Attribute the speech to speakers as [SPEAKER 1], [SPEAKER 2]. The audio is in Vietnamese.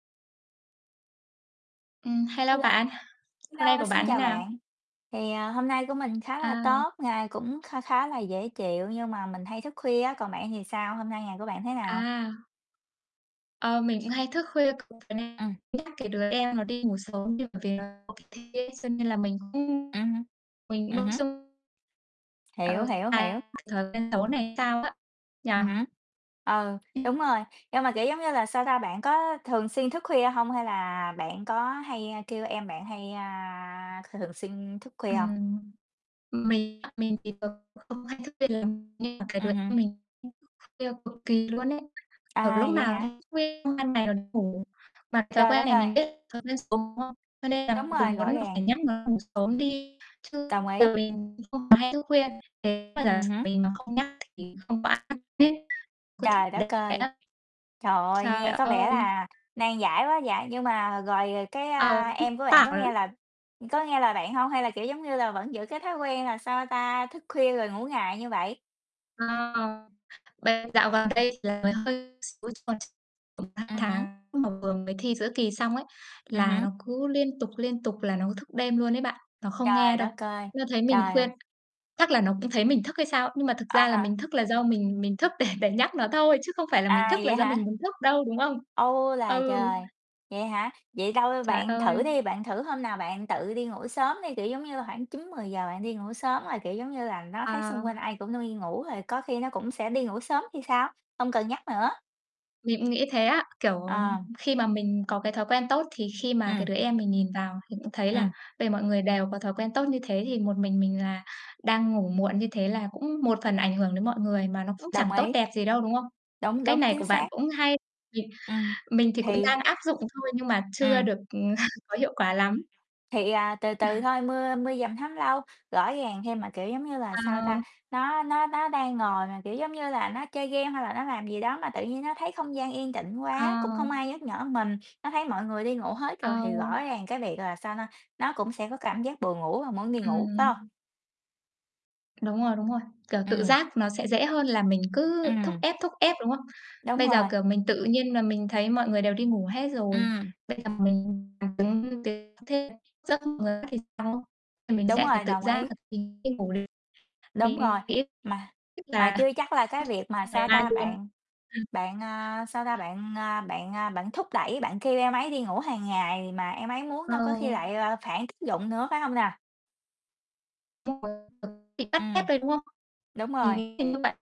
[SPEAKER 1] Ừm, hello
[SPEAKER 2] Hello,
[SPEAKER 1] bạn, hôm nay
[SPEAKER 2] hello,
[SPEAKER 1] của
[SPEAKER 2] xin
[SPEAKER 1] bạn thế
[SPEAKER 2] chào
[SPEAKER 1] nào?
[SPEAKER 2] bạn. Thì, à, hôm nay của mình khá là
[SPEAKER 1] À.
[SPEAKER 2] tốt, ngày cũng kha khá là dễ chịu nhưng mà mình hay thức khuya á, còn bạn thì sao? Hôm nay ngày của bạn thế nào?
[SPEAKER 1] À. Ờ, mình cũng hay thức khuya cực, vậy nên
[SPEAKER 2] Ừm.
[SPEAKER 1] nhắc cái đứa em nó đi ngủ sớm đi bởi vì nó phải thi ấy, thế cho nên là mình cũng
[SPEAKER 2] Ừm hứm,
[SPEAKER 1] mình
[SPEAKER 2] ừm hứm.
[SPEAKER 1] [unintelligible]
[SPEAKER 2] Hiểu,
[SPEAKER 1] Ờ,
[SPEAKER 2] hiểu, hiểu.
[SPEAKER 1] [unintelligible] thói quen xấu này hay sao á, nhỉ?
[SPEAKER 2] Ừm hứm, ừ, đúng rồi, nhưng mà, kiểu, giống như là, sao ta, bạn có thường xuyên thức khuya hông? Hay là bạn có hay, ơ, kêu em bạn hay, a, c thường xuyên thức khuya hông?
[SPEAKER 1] Ừm, mình mình thì cũng không hay thức khuya lắm. Nhưng mà cái đứa
[SPEAKER 2] Ừm, ừm.
[SPEAKER 1] em mình nó thức khuya cực kỳ luôn ấy, ờ,
[SPEAKER 2] À,
[SPEAKER 1] lúc
[SPEAKER 2] vậy
[SPEAKER 1] nào
[SPEAKER 2] hả?
[SPEAKER 1] cũng thức khuya xong ban ngày là nó ngủ. Mà thói
[SPEAKER 2] Trời
[SPEAKER 1] quen
[SPEAKER 2] đất
[SPEAKER 1] này
[SPEAKER 2] ơi!
[SPEAKER 1] mình biết thói quen xấu, đúng không? Cho nên
[SPEAKER 2] Đúng
[SPEAKER 1] là
[SPEAKER 2] rồi,
[SPEAKER 1] cùng muốn
[SPEAKER 2] rõ
[SPEAKER 1] là
[SPEAKER 2] ràng.
[SPEAKER 1] phải nhắc nó ngủ sớm đi chứ
[SPEAKER 2] Đồng ý.
[SPEAKER 1] [unintelligible] không hay thức khuya, nếu mà giả
[SPEAKER 2] Ừm
[SPEAKER 1] sử
[SPEAKER 2] hứm.
[SPEAKER 1] mình mà không nhắc thì không có ai nhắc tiếp, cứ thức
[SPEAKER 2] Trời đất
[SPEAKER 1] đêm vậy
[SPEAKER 2] ơi,
[SPEAKER 1] á,
[SPEAKER 2] trời ơi,
[SPEAKER 1] trời
[SPEAKER 2] nghe có vẻ
[SPEAKER 1] ơi.
[SPEAKER 2] là nan giải quá vậy, nhưng mà rồi cái,
[SPEAKER 1] Ờ,
[SPEAKER 2] a,
[SPEAKER 1] [unintelligible]
[SPEAKER 2] em của bạn có
[SPEAKER 1] bảo lắm.
[SPEAKER 2] nghe lời có nghe lời bạn hông? Hay là, kiểu, giống như là, vẫn giữ cái thói quen là, sao ta, thức khuya rồi ngủ ngày như vậy?
[SPEAKER 1] Ờ, vậy dạo gần đây thì là hơi xíu chứ còn tầm sang
[SPEAKER 2] Ừm hứm.
[SPEAKER 1] tháng mà vừa mới thi giữa kỳ xong ấy,
[SPEAKER 2] Ừm
[SPEAKER 1] là
[SPEAKER 2] hứm.
[SPEAKER 1] nó cứ liên tục, liên tục là nó cứ thức đêm luôn ấy bạn. Nó không nghe
[SPEAKER 2] Trời đất
[SPEAKER 1] đâu.
[SPEAKER 2] ơi,
[SPEAKER 1] Nó thấy mình
[SPEAKER 2] trời ơi.
[SPEAKER 1] khuyên chắc là nó cũng thấy mình thức hay sao. Nhưng mà thực
[SPEAKER 2] À
[SPEAKER 1] ra là
[SPEAKER 2] ha.
[SPEAKER 1] mình thức là do mình mình thức để để nhắc nó thôi chứ không phải là mình
[SPEAKER 2] À,
[SPEAKER 1] thức là
[SPEAKER 2] vậy
[SPEAKER 1] do
[SPEAKER 2] hả?
[SPEAKER 1] mình muốn thức đâu, đúng không?
[SPEAKER 2] U là
[SPEAKER 1] Ừ.
[SPEAKER 2] trời, vậy hả? Vậy đâu?
[SPEAKER 1] Trời
[SPEAKER 2] Bạn thử
[SPEAKER 1] ơi.
[SPEAKER 2] đi, bạn thử hôm nào bạn tự đi ngủ sớm đi, kiểu, giống như là, khoảng 9:00-10:00 bạn đi ngủ sớm rồi, kiểu, giống như là, nó thấy xung quanh
[SPEAKER 1] À.
[SPEAKER 2] ai cũng đi ngủ rồi có khi nó cũng sẽ đi ngủ sớm thì sao, không cần nhắc nữa.
[SPEAKER 1] Mình cũng nghĩ thế á, kiểu, ờ,
[SPEAKER 2] Ờ.
[SPEAKER 1] khi mà mình có cái thói quen tốt thì khi mà cái
[SPEAKER 2] Ừm.
[SPEAKER 1] đứa em mình nhìn vào thì cũng thấy là
[SPEAKER 2] Ừm.
[SPEAKER 1] về mọi người đều có thói quen tốt như thế, thì một mình mình là đang ngủ muộn như thế là cũng một phần ảnh hưởng đến mọi người, mà nó cũng
[SPEAKER 2] Đồng
[SPEAKER 1] chẳng tốt
[SPEAKER 2] ý.
[SPEAKER 1] đẹp gì đâu, đúng không? Cái
[SPEAKER 2] Đúng,
[SPEAKER 1] cách
[SPEAKER 2] đúng,
[SPEAKER 1] này
[SPEAKER 2] chính
[SPEAKER 1] của bạn
[SPEAKER 2] xác.
[SPEAKER 1] cũng hay, mình
[SPEAKER 2] Ừm,
[SPEAKER 1] mình thì cũng
[SPEAKER 2] thì
[SPEAKER 1] đang áp dụng thôi nhưng mà chưa
[SPEAKER 2] Ừm.
[SPEAKER 1] được, ừ, có hiệu quả lắm.
[SPEAKER 2] Thì, à, từ từ thôi mưa mưa dầm thấm lâu, rõ ràng thêm. Mà, kiểu, giống như là, sao ta,
[SPEAKER 1] Ờ.
[SPEAKER 2] nó nó nó đang ngồi mà, kiểu, giống như là, nó chơi game hay là nó làm gì đó mà tự nhiên nó thấy không gian yên tĩnh quá, cũng không
[SPEAKER 1] Ờ.
[SPEAKER 2] ai nhắc nhở mình. Nó thấy mọi người đi ngủ hết
[SPEAKER 1] Ờ.
[SPEAKER 2] rồi thì rõ ràng cái việc là, sao na, nó cũng sẽ có cảm giác buồn ngủ vào muốn đi ngủ, phải hông?
[SPEAKER 1] Ừm. Đúng rồi, đúng rồi. Kiểu, tự
[SPEAKER 2] Ừm.
[SPEAKER 1] giác nó sẽ dễ hơn là mình cứ thúc
[SPEAKER 2] Ừm.
[SPEAKER 1] ép, thúc ép, đúng không?
[SPEAKER 2] Đúng
[SPEAKER 1] Bây giờ,
[SPEAKER 2] rồi.
[SPEAKER 1] kiểu, mình tự nhiên là mình thấy mọi người đều đi ngủ hết rồi,
[SPEAKER 2] Ừm.
[SPEAKER 1] bây giờ mình làm giống như thế thế dẫm vào người khác thì sao. À, mình
[SPEAKER 2] Đúng
[SPEAKER 1] sẽ phải
[SPEAKER 2] rồi,
[SPEAKER 1] tự
[SPEAKER 2] đồng
[SPEAKER 1] giác
[SPEAKER 2] ý.
[SPEAKER 1] là mình đi ngủ liền.
[SPEAKER 2] Đúng rồi,
[SPEAKER 1] Mình nghĩ
[SPEAKER 2] mà
[SPEAKER 1] tức
[SPEAKER 2] mà
[SPEAKER 1] là
[SPEAKER 2] chưa chắc là
[SPEAKER 1] áp
[SPEAKER 2] cái
[SPEAKER 1] dụng
[SPEAKER 2] việc mà,
[SPEAKER 1] trong
[SPEAKER 2] sao
[SPEAKER 1] ngày mai
[SPEAKER 2] ta,
[SPEAKER 1] luôn.
[SPEAKER 2] bạn
[SPEAKER 1] Ừ.
[SPEAKER 2] bạn, ờ, sao ta, bạn, à, bạn, à, bạn thúc đẩy, bạn kêu em ấy đi ngủ hàng ngày mà em ấy muốn
[SPEAKER 1] Ờ.
[SPEAKER 2] đâu, có khi lại là phản tác dụng nữa, phải hông nè?
[SPEAKER 1] Đúng rồi, [unintelligible] bị cắt hết
[SPEAKER 2] Ừm.
[SPEAKER 1] đấy, đúng không?
[SPEAKER 2] Đúng
[SPEAKER 1] Mình
[SPEAKER 2] rồi.
[SPEAKER 1] nghĩ là như vậy.